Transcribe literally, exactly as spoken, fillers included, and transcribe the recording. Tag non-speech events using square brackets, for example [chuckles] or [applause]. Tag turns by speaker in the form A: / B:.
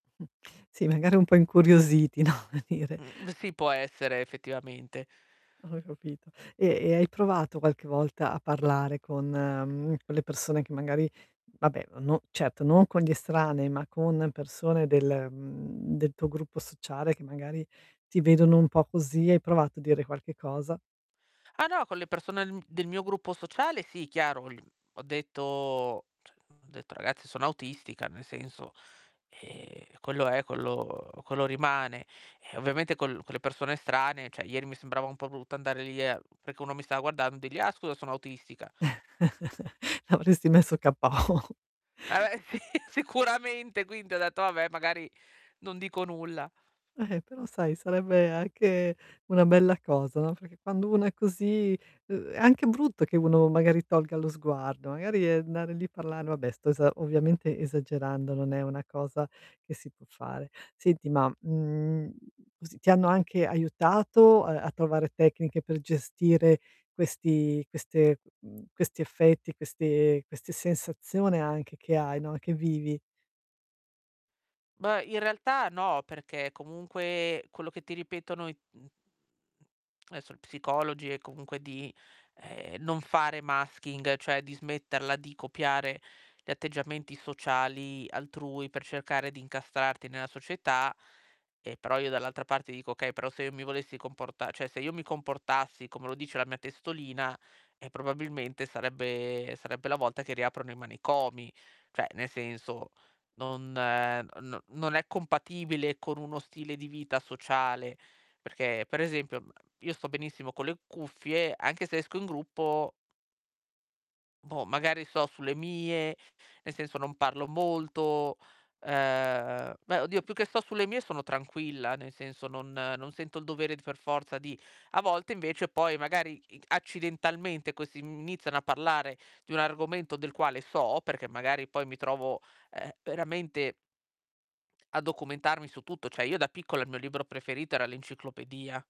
A: Mh. Sì, magari un po' incuriositi, no, ome dire.
B: Mhmm, sì, può essere effettivamente.
A: Ho capito. E e hai provato qualche volta a parlare con mhmm, con le persone che magari vabbè, no certo, non con gli estranei, ma con persone del mhmm, del tuo gruppo sociale, che magari ti vedono un po' così, hai provato a dire qualche cosa?
B: Ah no, con le persone n del mio gruppo sociale sì, chiaro, gl ho detto, cioè ho detto: "C ragazzi, sono autistica", nel senso, ehm, quello è quello uhm, quello rimane. Ehm, ovviamente con l con le persone estranee, ceh ieri mi sembrava un po' brutta andare lì e perché uno mi stava guardando, dirgli: "Ah scusa, sono autistica".
A: [chuckles] L'avresti messo KO.
B: [unintelligible] sì, sicuramente. Quindi ho detto: "Vabbè, magari non dico nulla".
A: Eh-eh, però sai, sarebbe anche una bella cosa, no, perché quando uno è così, uhm, è anche brutto che uno magari tolga lo sguardo, magari, ehm, andare lì e parlare vabbè, sto esa ovviamente esagerando, non è una cosa che si può fare. Senti, ma, mhmm, così ti hanno anche aiutato a a trovare tecniche per gestire questi queste m mhmm, questi effetti, queste queste sensazione anche che hai, no, che vivi?
B: Beh, in realtà no, perché comunque, quello che ti ripetono i esso, psicologi è comunque di, ehm, non fare masking, cioè di smetterla di copiare gli atteggiamenti sociali altrui, per cercare di incastrarti nella società. Eh, però io dall'altra parte dico: "Okay, però se io mi volessi comporta ceh se io mi comportassi come lo dice la mia testolina, eh, probabilmente sarebbe sarebbe la volta che riaprono i manicomi". Cioè, nel senso, non no non è compatibile con uno stile di vita sociale, perché per esempio, mhmm, io sto benissimo con le cuffie, anche se esco in gruppo boh, magari sto sulle mie, nel senso non parlo molto. Ehm, beh oddio, più che sto sulle mie sono tranquilla, nel senso non non sento il dovere per forza di a volte invece poi magari i accidentalmente questi iniziano, mhmm, a parlare di un argomento del quale so, perché magari poi mi trovo, ehm, veramente a documentarmi su tutto. ceh io da piccola il mio libro preferito era l'enciclopedia